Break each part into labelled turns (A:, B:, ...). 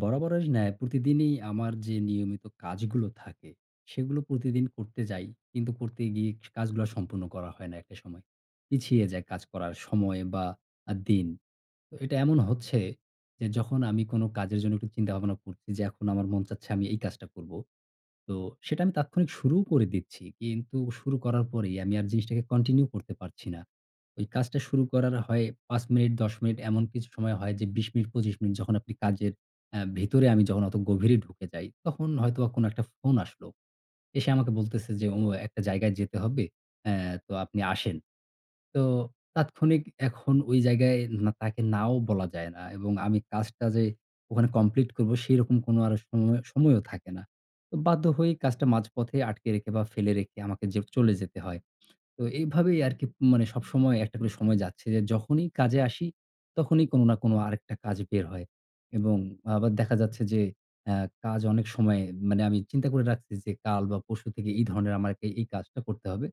A: বরাবরের ন্যায় প্রতিদিনই আমার যে নিয়মিত কাজগুলো থাকে, সেগুলো প্রতিদিন করতে যাই। কিন্তু করতে গিয়ে স কাজগুলা সম্পূর্ণ করা হয় না একটা সময়। পিছিয়ে যায় কাজ করার সময় বা আ দিন। তো এটা এমন হচ্ছে, যে যখন আমি কোনো কাজের জন্য একটু চিন্তা-ভাবনা করছি যে, "এখন আমার মন চাচ্ছে, আমি এই কাজটা করব।" তো সেটা আমি তাৎক্ষণিক শুরুও করে দিচ্ছি, কিন্তু শুরু করার পরেই আমি আর জিনিসটাকে কন্টিনিউ করতে পারছি না। ঐ কাজটা শুরু করার হয় ৫ মিনিট, ১০ মিনিট এমন কিছু সময় হয় যে, ২০ মিনিট, ২৫ মিনিট যখন আপনি কাজের অ্যা ভেতরে আমি যখন অত গভীরে ঢুকে যাই, তখন হয়তোবা কোনো একটা ফোন আসলো। এসে আমাকে বলতেসে যে, "ও একটা জায়গায় যেতে হবে, অ্যা তো আপনি আসেন।" তো তাৎক্ষণিক এখন ওই জায়গায় না তাকে নাও বলা যায় না এবং আমি কাজটা যে ওখানে কমপ্লিট করব, সেরকম কোনো আর সময়ও সময়ও থাকে না। ও বাধ্য হয়েই কাজটা মাঝপথে আটকে রেখে বা ফেলে রেখে আমাকে যে চলে যেতে হয়। তো এইভাবেই আরকি মানে সবসময় একটা করে সময় যাচ্ছে যে, যখনই কাজে আসি, তখনই কোনো না কোনো আরেকটা কাজ বের হয় এবং আবার দেখা যাচ্ছে যে, অ্যা কাজ অনেক সময়ে মানে, আমি চিন্তা করে রাখছি যে, "কাল বা পরশু থেকে এই ধরনের আমাকে এই কাজটা করতে হবে।"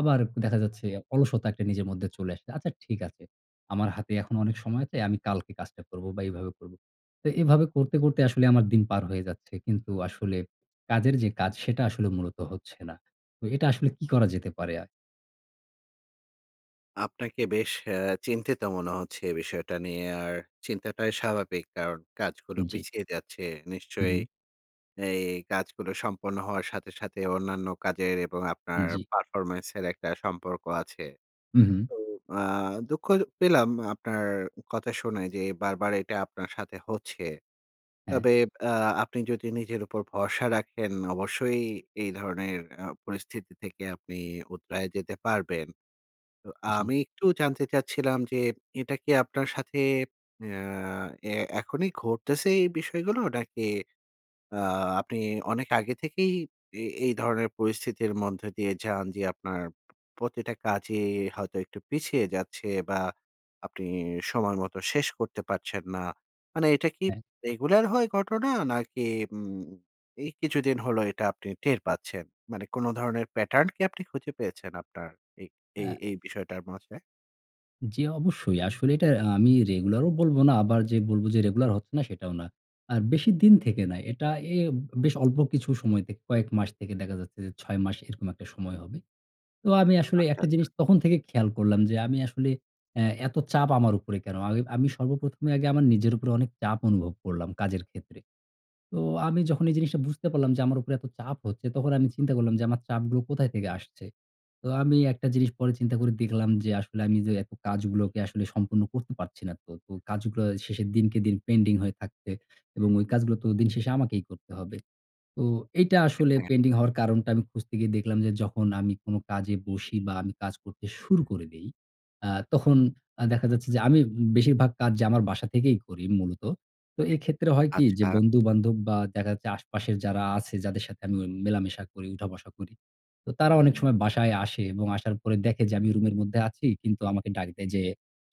A: আবার দেখা যাচ্ছে, অলসতা একটা নিজের মধ্যে চলে আসে, "আচ্ছা, ঠিক আছে! আমার হাতে এখন অনেক সময় আছে। আমি কালকে কাজটা করব বা এইভাবে করব।" তো এভাবে করতে, করতে আসলে আমার দিন পার হয়ে যাচ্ছে। কিন্তু আসলে কাজের যে কাজ, সেটা আসলে মূলত হচ্ছে না। ও এটা আসলে কি করা যেতে পারে? আ
B: আপনাকে বেশ এ চিন্তিত মনে হচ্ছে এ বিষয়টা নিয়ে। আর চিন্তাটাই স্বাভাবিক কারণ কাজগুলো
A: উ জ্বি।
B: পিছিয়ে যাচ্ছে।
A: হু,
B: নিশ্চয়
A: হু।
B: এই কাজগুলো সম্পন্ন হওয়ার সাথে, সাথে অন্যান্য কাজের এবং
A: উ
B: আপনার
A: জ্বি।
B: পারফরম্যান্সের একটা সম্পর্ক আছে।
A: হু, হু।
B: তো আ দুঃখ পেলাম আপনার উ কথা শুনে যে, বারবার এটা আপনার সাথে হচ্ছে।
A: হ্যাঁ।
B: তবে আ আপনি যদি নিজের উপর ভরসা রাখেন অবশ্যই এই ধরনের আ পরিস্থিতি থেকে আপনি উতরে যেতে পারবেন। তো
A: জ্বী।
B: আমি একটু জানতে চাচ্ছিলাম যে, এটা কি আপনার সাথে আ এ এখনি ঘটতেছে এই বিষয়গুলো? নাকি আ আপনি অনেক আগে থেকেই এ এই ধরনের পরিস্থিতির মধ্য দিয়ে যান? যে আপনার প্রতিটা কাজই হয়তো একটু পিছিয়ে যাচ্ছে বা আপনি সময় মত শেষ করতে পারছেন না। মানে এটা কি
A: হ্যাঁ।
B: রেগুলার হয় ঘটনা? নাকি উম এই কিছুদিন হলো এটা আপনি টের পাচ্ছেন? মানে কোন ধরনের প্যাটার্ন কি আপনি খুঁজে পেয়েছেন আপনার এ এ
A: হ্যাঁ।
B: এই বিষয়টার মাঝে?
A: জি অবশ্যই। আসলে এটা আ আমি রেগুলারও বলব না। আবার যে বলব যে রেগুলার হচ্ছে না, সেটাও না। আর বেশিদিন থেকে না। এটা এ বেশ অল্প কিছু সময় থেকে কয়েক মাস থেকে দেখা যাচ্ছে যে ৬ মাস, এরকম একটা সময় হবে। তো আমি আসলে
B: আচ্ছা,
A: একটা
B: আচ্ছা।
A: জিনিস তখন থেকেই খেয়াল করলাম যে আমি আসলে অ্যা এত চাপ আমার উপরে কেনো? আমি আমি সর্বপ্রথমে আগে আমার নিজের উপরে অনেক চাপ অনুভব করলাম কাজের ক্ষেত্রে। তো আমি যখন এই জিনিসটা বুঝতে পারলাম যে আমার উপরে এত চাপ হচ্ছে তখন আমি চিন্তা করলাম যে, "আমার চাপগুলো কোথায় থেকে আসছে?" তো আমি একটা জিনিস পরে চিন্তা করে দেখলাম যে আসলে আমি যে এত কাজগুলোকে আসলে সম্পূর্ণ করতে পারছি না তো, তো কাজগুলো শেষের দিনকে দিন পেন্ডিং হয়ে থাকবে এবং ওই কাজগুলোতো দিন শেষে আমাকেই করতে হবে। তো এইটা
B: হ্যাঁ,
A: আসলে
B: হ্যাঁ।
A: পেন্ডিং হওয়ার কারণটা আমি খুঁজতে গিয়ে দেখলাম যে যখন আমি কোনো কাজে বসি বা আমি কাজ করতে শুরু করে দেই, আ তখন আ দেখা যাচ্ছে যে আমি বেশিরভাগ কাজ যে আমার বাসা থেকেই করি মূলত। তো এইক্ষেত্রে হয় কি? যে
B: আচ্ছা।
A: বন্ধু-বান্ধব বা দেখা যাচ্ছে আশপাশের যারা আছে যাদের সাথে আমি ও মেলামেশা করি, উঠা-বসা করি। তো তারা অনেক সময় বাসায় আসে এবং আসার পরে দেখে যে আমি রুমের মধ্যে আছি। কিন্তু আমাকে ডাক দেয় যে,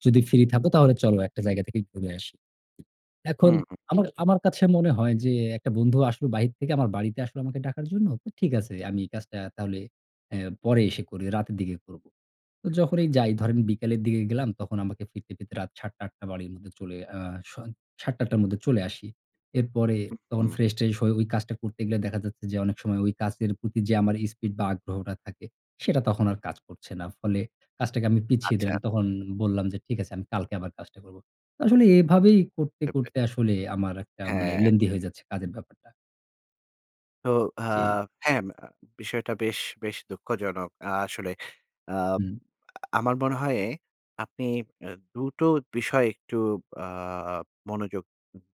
A: "যদি ফ্রি থাকো তাহলে চলো একটা জায়গা থেকেই ঘুরে আসি। "এখন
B: হুম, হুম।
A: আমার আমার কাছে মনে হয় যে, "একটা বন্ধু আসল বাহির থেকে আমার বাড়িতে আসলো আমাকে ডাকার জন্য। ঠিক আছে। আমি কাজটা তাহলে অ্যা পরে এসে করি, রাতের দিকে করব।" তো যখনই যাই ধরেন বিকালের দিকে গেলাম তখন আমাকে ফিরতে ফিরতে রাত ৭ টা ৮ টা বাড়ির মধ্যে চলে আ স ৭ টা ৮ টার মধ্যে চলে আসি। এরপরে
B: উ
A: তখন
B: হুম।
A: ফ্রেশ-ট্রেশ হয়ে ওই কাজটা করতে গেলে দেখা যাচ্ছে যে অনেক সময় ওই কাজের প্রতি যে আমার স্পিড বা আগ্রহটা থাকে সেটা তখন আর কাজ করছে না। ফলে কাজটাকে আমি পিছিয়ে
B: আচ্ছা।
A: দিলাম। তখন বললাম যে, "ঠিক আছে, আমি কালকে আবার কাজটা করব।" আসলে এভাবেই করতে,
B: করতে।
A: করতে আসলে আমার একটা মানে
B: হ্যাঁ।
A: লেংদি হয়ে যাচ্ছে কাজের ব্যাপারটা।
B: তো আ
A: জি।
B: হ্যাঁ, আম বিষয়টা বেশ বেশ দুঃখজনক। আ আসলে আ
A: হুম।
B: আমার মনে হয় আপনি এ দুটো বিষয় একটু আ মনোযোগ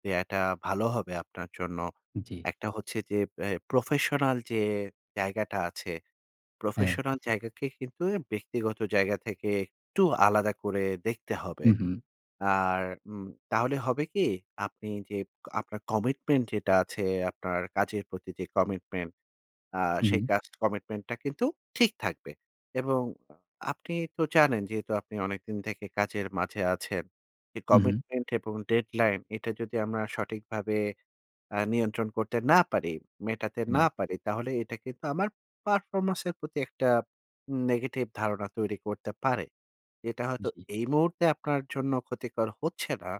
B: দেয়াটা ভালো হবে আপনার জন্য।
A: জি।
B: একটা হচ্ছে যে এ প্রফেশনাল যে জায়গাটা আছে,
A: হ্যাঁ।
B: প্রফেশনাল জায়গাকে কিন্তু অ ব্যক্তিগত জায়গা থেকে একটু আলাদা করে দেখতে হবে।
A: হুম, হুম।
B: আর উম তাহলে হবে কি? আপনি যে আপনার কমিটমেন্ট যেটা আছে, আপনার কাজের প্রতি যে কমিটমেন্ট আ
A: হুম,
B: সেই
A: হুম।
B: কাজ কমিটমেন্টটা কিন্তু ঠিক থাকবে এবং আপনি তো জানেন যেহেতু আপনি অনেকদিন থেকে কাজের মাঝে আছেন। যে
A: হুম, হুম।
B: কমিটমেন্ট এবং ডেডলাইন এটা যদি আমরা সঠিকভাবে আ নিয়ন্ত্রণ করতে না পারি, মেটাতে না
A: হ্যাঁ।
B: পারি, তাহলে এটা কিন্তু আমার পারফরম্যান্সের প্রতি একটা নেগেটিভ ধারণা তৈরি করতে পারে। এটা হয়তো
A: জি।
B: এই মুহূর্তে আপনার জন্য ক্ষতিকর হচ্ছে না।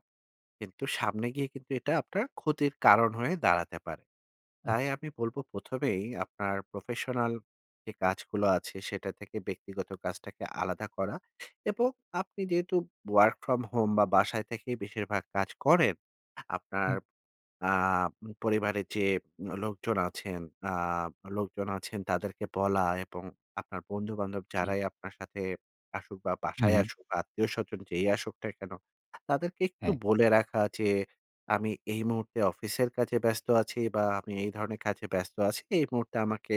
B: কিন্তু সামনে গিয়ে কিন্তু এটা আপনার ক্ষতির কারণ হয়ে দাঁড়াতে পারে। তাই
A: আচ্ছা।
B: আমি বলবো ১ম এই আপনার প্রফেশনাল যে কাজগুলো আছে, সেটা থেকে ব্যক্তিগত কাজটাকে আলাদা করা এবং আপনি যেহেতু ওয়ার্ক ফ্রম হোম বা, বাসায় থেকেই বেশিরভাগ কাজ করেন, আপনার
A: হুম।
B: আ ম পরিবারের যে লোকজন আছেন আ লোকজন আছেন তাদেরকে বলা এবং আপনার বন্ধু-বান্ধব
A: জি।
B: যারাই আপনার সাথে আসুক বা,
A: হুম,
B: বাসায়
A: হুম।
B: আসুক বা, আত্মীয়স্বজন যেই আসুক না কেন? তাদেরকে একটু
A: হ্যাঁ।
B: বলে রাখা যে, "আমি এই মুহূর্তে অফিসের কাজে ব্যস্ত আছি বা, আমি এই ধরনের কাজে ব্যস্ত আছি। এই মুহূর্তে আমাকে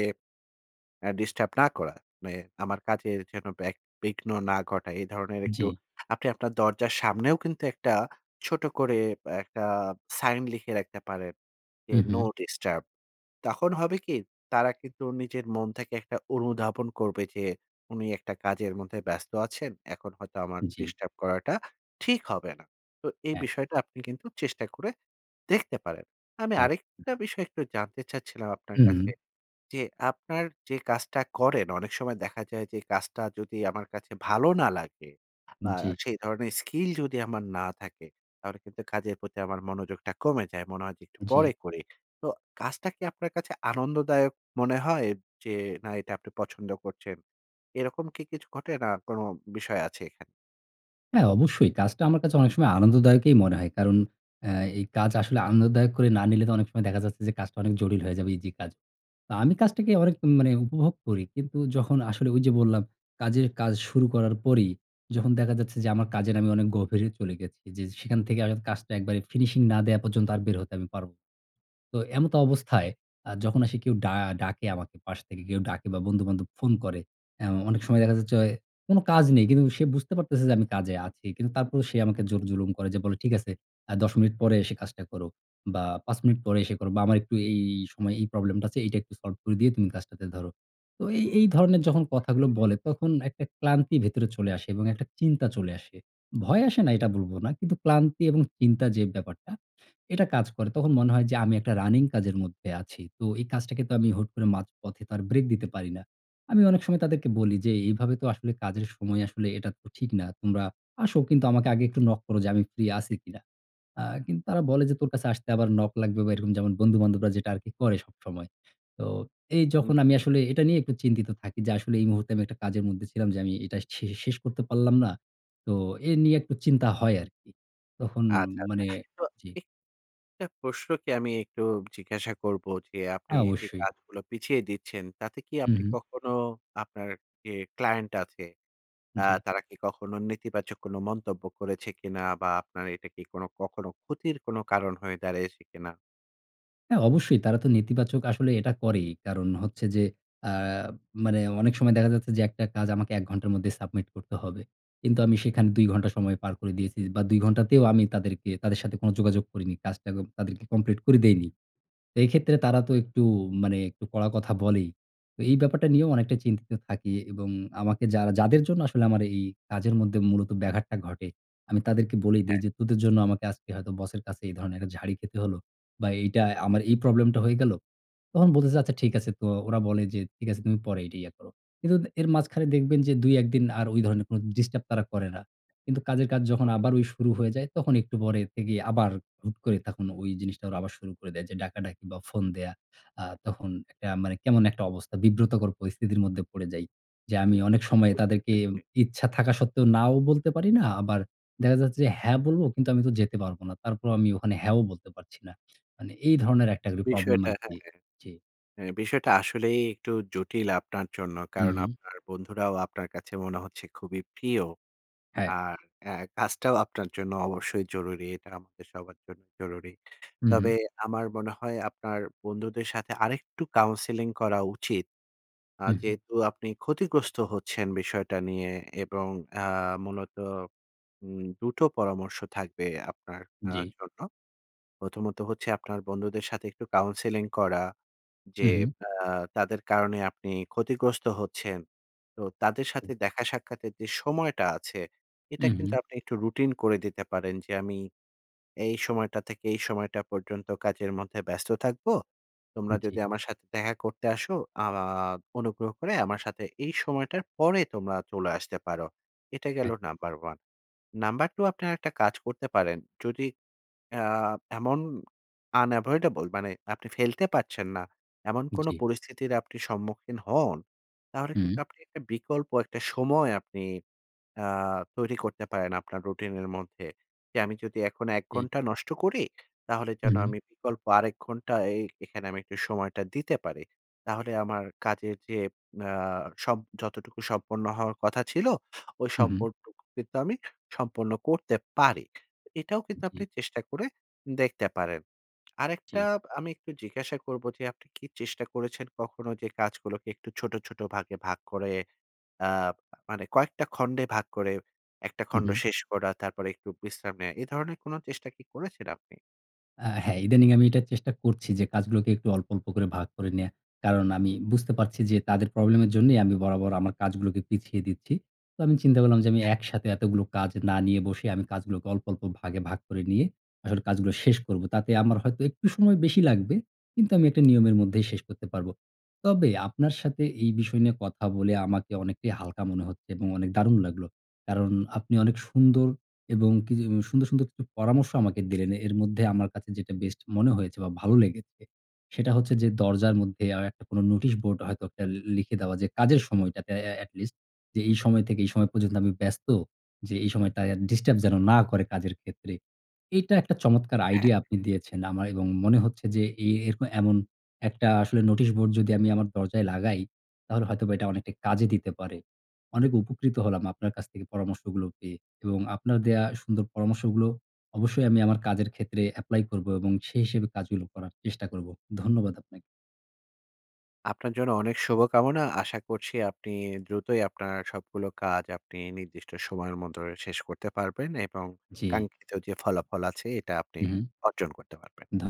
B: এ ডিস্টার্ব না করা।" মানে আমার কাজে যেন ব্যাঘ বিঘ্ন না ঘটায় এ ধরনের একটু
A: জি।
B: আপনি আপনার দরজার সামনেও কিন্তু একটা ছোট করে বে একটা সাইন লিখে রাখতে পারেন যে,
A: হুম,
B: "নো
A: হুম।
B: ডিস্টার্ব," তখন হবে কি? তারা কিন্তু নিজের মন থেকে একটা অনুধাবন করবে যে, "উনি একটা কাজের মধ্যে ব্যস্ত আছেন। এখন হয়তো আমার
A: জি।
B: ডিস্টার্ব করাটা ঠিক হবে না।" তো এই
A: হ্যাঁ।
B: বিষয়টা আপনি কিন্তু চেষ্টা করে দেখতে পারেন। আমি
A: আচ্ছা।
B: আরেকটা বিষয় একটু জানতে চাচ্ছিলাম আপনার
A: হুম, হুম।
B: কাছে। যে আপনার যে কাজটা করেন অনেক সময় দেখা যায় যে কাজটা যদি আমার কাছে ভালো না লাগে বা,
A: জি।
B: সেই ধরনের স্কিল যদি আমার না থাকে, তাহলে কিন্তু কাজের প্রতি আমার মনোযোগটা কমে যায়। মনে হয় যে একটু
A: জি।
B: পরে করি। তো কাজটা কি আপনার কাছে আনন্দদায়ক মনে হয়? যে, না, এটা আপনি পছন্দ করছেন? এরকম কি কিছু ঘটে? না কোনো বিষয় আছে এখানে?
A: হ্যাঁ, অবশ্যই। কাজটা আমার কাছে অনেক সময় আনন্দদায়কই মনে হয়। কারণ, এ এই কাজ আসলে আনন্দদায়ক করে না নিলে তো অনেক সময় দেখা যাচ্ছে যে, কাজটা অনেক জটিল হয়ে যাবে, ইজি কাজ। তা আমি কাজটাকে অনেক মানে উপভোগ করি। কিন্তু যখন আসলে ঐযে বললাম, কাজের কাজ শুরু করার পরেই যখন দেখা যাচ্ছে যে, আমার কাজের আমি অনেক গভীরে চলে গেছি জি, জি। সেখান থেকে আগাত কাজটা একবারে ফিনিশিং না দেওয়া পর্যন্ত আর বের হতে আমি পারবো। তো এমত অবস্থায় আ যখন আসে কেউ ডা ডাকে আমাকে পাশ থেকে কেউ ডাকে বা, বন্ধু -বান্ধব ফোন করে হ্যাঁ, অ অনেক সময় দেখা যাচ্ছে অয় কোন কাজ নেই। কিন্তু সে বুঝতে পারতেছে যে আমি কাজে আছি। কিন্তু তারপরেও সে আমাকে জোর জুলুম করে যে বলে, "ঠিক আছে, আ ১০ মিনিট পরে এসে কাজটা করো। বা, ৫ মিনিট পরে এসে করো বা, আমার একটু এই এই সময়ে এই প্রবলেমটা আছে, এইটা একটু সল্ভ করে দিয়ে তুমি কাজটাতে ধরো।" তো এই এই ধরনের যখন কথাগুলো বলে তখন একটা ক্লান্তি ভেতরে চলে আসে এবং একটা চিন্তা চলে আসে। ভয় আসে না এটা বলবো না কিন্তু ক্লান্তি এবং চিন্তা যে ব্যাপারটা, এটা কাজ করে। তখন মনে হয় যে আমি একটা রানিং কাজের মধ্যে আছি, তো এই কাজটাকে তো আমি হুট করে মাঝপথে তো আর ব্রেক দিতে পারি না। আমি অনেক সময় তাদেরকে বলি যে, "এভাবে তো আসলে কাজের সময় আসলে এটা তো ঠিক না। তোমরা আসো কিন্তু আমাকে আগে একটু নক করো যে, আমি ফ্রি আছি কিনা?" আ কিন্তু তারা বলে যে, "তোর কাছে আসতে আবার নক লাগবে?" বা, এরকম যেমন বন্ধু-বান্ধবরা যেটা আরকি করে সবসময়। তো এই
B: হুম,
A: যখন আমি
B: হুম।
A: আসলে এটা নিয়ে একটু চিন্তিত থাকি যে, আসলে এই মুহূর্তে আমি একটা কাজের মধ্যে ছিলাম যে আমি এটা শে শেষ করতে পারলাম না। তো এ নিয়ে একটু চিন্তা হয় আরকি। তখন
B: আচ্ছা, আচ্ছা।
A: মানে
B: তো
A: জি।
B: এ টা প্রশ্নকে আমি একটু জিজ্ঞাসা করবো যে, আপনি
A: আ
B: যে
A: অবশ্যই।
B: কাজগুলো পিছিয়ে দিচ্ছেন, তাতে কি
A: হুম,
B: আপনি
A: হুম।
B: কখনো আপনার এ ক্লায়েন্ট আছে, আ
A: জি।
B: তারা কি কখনো নেতিবাচক কোন মন্তব্য করেছে কিনা বা, আপনার এইটা কি কোন কখনো ক্ষতির কোন কারণ হয়ে দাঁড়ায়েছে কিনা?
A: হ্যাঁ, অবশ্যই তারা তো নেতিবাচক আসলে এটা করেই। কারণ হচ্ছে যে, আ মানে অনেক সময় দেখা যাচ্ছে যে একটা কাজ আমাকে ১ ঘন্টার মধ্যে সাবমিট করতে হবে। কিন্তু আমি সেখানে ২ ঘন্টা সময় পার করে দিয়েছি বা, ২ ঘন্টাতেও আমি তাদেরকে তাদের সাথে কোন যোগাযোগ করিনি। কাজটা ক তাদেরকে কমপ্লিট করে দেইনি। এইক্ষেত্রে তারা তো একটু মানে একটু কড়া কথা বলেই। তো এই ব্যাপারটা নিয়েও অনেকটা চিন্তিত থাকি এবং আমাকে যারা যাদের জন্য আসলে আমার এই, এই কাজের মধ্যে মূলত ব্যাঘাতটা ঘটে, আমি তাদেরকে বলেই দেই
B: হ্যাঁ।
A: যে তোদের জন্য আমাকে আজকে হয়তো বসের কাছে এই ধরনের একটা ঝাড়ি খেতে হলো বা, এইটাই আমার এই প্রবলেমটা হয়ে গেল। তখন বলতেছে, "আচ্ছা, ঠিক আছে।" তো ওরা বলে যে, "ঠিক আছে, তুমি পরে এটা ইয়ে করো।" কিন্তু দে এর মাঝখানে দেখবেন যে ২, ১ দিন আর ওই ধরনের কোন ডিস্টার্ব তারা করে না। কিন্তু কাজের কাজ যখন
B: হু, হু,
A: আবার
B: হু।
A: ওই শুরু হয়ে যায় তখন একটু পরে থেকে আবার হুট করে তখন ওই জিনিসটা ওরা আবার শুরু করে দেয়। যে ডাকাডাকি বা, ফোন দেয়া। আ তখন একটা মানে কেমন একটা অবস্থা বিব্রতকর পরিস্থিতির মধ্যে পড়ে যাই। যে আমি অনেক সময়ে
B: বুঝতে
A: তাদেরকে
B: পেরেছি।
A: ইচ্ছা থাকা সত্ত্বেও নাও বলতে পারি না। আবার দেখা যাচ্ছে যে, হ্যাঁ, বলবো। কিন্তু আমি তো যেতে পারবো না। তারপরও আমি ওখানে হ্যাঁও বলতে পারছি না। মানে এই ধরনের একটা করে প্রবলেম
B: বিষয়টা
A: আরকি
B: হ্যাঁ, হ্যাঁ।
A: জি।
B: অ্যা বিষয়টা আসলেই একটু জটিল আপনার জন্য।
A: উম
B: কারণ
A: হুম।
B: আপনার বন্ধুরাও আপনার কাছে মনে হচ্ছে খুবই প্রিয়।
A: হ্যাঁ।
B: আর অ্যা কাজটাও আপনার জন্য অবশ্যই জরুরি। এটা আমাদের সবার জন্য জরুরী।
A: হুম, হুম।
B: তবে আমার মনে হয় আপনার বন্ধুদের সাথে আরেকটু কাউন্সেলিং করা উচিত। আ
A: হু, হু।
B: যেহেতু আপনি ক্ষতিগ্রস্ত হচ্ছেন বিষয়টা নিয়ে এবং আ মূলত উম ২ টো পরামর্শ থাকবে আপনার আ
A: জি।
B: জন্য। প্রথমত হচ্ছে আপনার বন্ধুদের সাথে একটু কাউন্সেলিং করা।
A: হু,
B: যে
A: হু।
B: আ তাদের কারণে আপনি ক্ষতিগ্রস্ত হচ্ছেন। তো তাদের সাথে দেখা সাক্ষাতের যে সময়টা আছে, এটা
A: উ
B: কিন্তু
A: হু।
B: আপনি একটু রুটিন করে দিতে পারেন যে, "আমি এই সময়টা থেকে এই সময়টা পর্যন্ত কাজের মধ্যে ব্যস্ত থাকবো।
A: উম
B: তোমরা
A: জি।
B: যদি আমার সাথে দেখা করতে আসো আ আ আ অনুগ্রহ করে আমার সাথে এই সময়টার পরে তোমরা চলে আসতে পারো।" এটা গেল
A: হ্যাঁ।
B: নাম্বার 1। নাম্বার 2 আপনি আরেকটা কাজ করতে পারেন। যদি আ এমন unavoidable মানে আপনি ফেলতে পারছেন না, এমন কোন
A: জি।
B: পরিস্থিতির আপনি সম্মুখীন হন, তাহলে কিন্তু
A: হুম।
B: আপনি একটা বিকল্প একটা সময় আপনি আ তৈরি করতে পারেন আপনার রুটিনের মধ্যে। যে আমি যদি এখন ১
A: জি।
B: ঘন্টা নষ্ট করি, তাহলে যেন
A: হুম।
B: আমি বিকল্প আরেক ঘন্টা এ এখানে আমি একটু সময়টা দিতে পারি। তাহলে আমার কাজের যে আ সব যতটুকু সম্পন্ন হওয়ার কথা ছিল, ওই
A: হু, হু।
B: সম্পর্কটুকু কিন্তু আমি সম্পন্ন করতে পারি। এটাও কিন্তু
A: জি।
B: আপনি চেষ্টা করে দেখতে পারেন। আরেকটা
A: জি।
B: আমি একটু জিজ্ঞাসা করবো যে আপনি কি চেষ্টা করেছেন কখনো যে কাজগুলোকে একটু ছোট, ছোট ভাগে ভাগ করে আ মানে কয়েকটা খন্ডে ভাগ করে একটা
A: হু,
B: খণ্ড
A: হু।
B: শেষ করা, তারপরে একটু বিশ্রাম নেওয়া? এ ধরনের কোনো চেষ্টা কি করেছেন আপনি?
A: আ হ্যাঁ, ইদানিং আমি এটা চেষ্টা করছি যে কাজগুলোকে একটু অল্প, অল্প করে ভাগ করে নেয়া। কারণ আমি বুঝতে পারছি যে তাদের প্রবলেমের জন্যই আমি বরাবর আমার কাজগুলোকে পিছিয়ে দিচ্ছি। তো আমি চিন্তা করলাম যে আমি
B: হ্যাঁ।
A: একসাথে এতগুলো কাজ না নিয়ে বসে, আমি কাজগুলোকে অল্প, অল্প ভাগে ভাগ করে নিয়ে, আসলে কাজগুলো শেষ করবো। তাতে আমার হয়তো একটু সময় বেশি লাগবে। কিন্তু আমি একটা নিয়মের মধ্যেই শেষ করতে পারবো। তবে আপনার সাথে এই বিষয় নিয়ে কথা বলে আমাকে অনেকটাই হালকা মনে হচ্ছে এবং অনেক দারুণ লাগলো! কারণ আপনি অনেক সুন্দর এবং কি য সুন্দর, সুন্দর কিছু পরামর্শ আমাকে দিলেন। এর মধ্যে আমার কাছে যেটা বেস্ট মনে হয়েছে বা, ভালো লেগেছে সেটা হচ্ছে যে, দরজার মধ্যে আ একটা কোনো নোটিশ বোর্ড হয়তো একটা লি লিখে দেওয়া যে, কাজের সময়টাতে এ এটলিস্ট যে, "এই সময় থেকে এই সময় পর্যন্ত আমি ব্যস্ত, যে এই সময় তায়া ডিস্টার্ব যেন না করে কাজের ক্ষেত্রে।" এটা একটা চমৎকার
B: [unintelligible]
A: আইডিয়া আপনি দিয়েছেন আমার এবং মনে হচ্ছে যে এ এরকম এমন একটা আসলে নোটিশ বোর্ড যদি আমি আমার দরজায় লাগাই, তাহলে হয়তোবা এটা অনেকটা কাজে দিতে পারে। অনেক উপকৃত হলাম আপনার কাছ থেকে পরামর্শগুলো পেয়ে এবং আপনার দেয়া সুন্দর পরামর্শগুলো অবশ্যই আমি আমার কাজের ক্ষেত্রে এপ্লাই করবো এবং সে হিসেবে কাজগুলো করার চেষ্টা করবো। ধন্যবাদ আপনা
B: আপনার জন্য অনেক শুভকামনা। আশা করছি আপনি দ্রুতই আপনার সবগুলো কাজ আপনি নির্দিষ্ট সময়ের মধ্যে শেষ করতে পারবেন এবং
A: জ্বী।
B: কাঙ্ক্ষিত যে ফলাফল আছে, এটা আপনি
A: হু, হু।
B: অর্জন করতে পারবেন।
A: ধ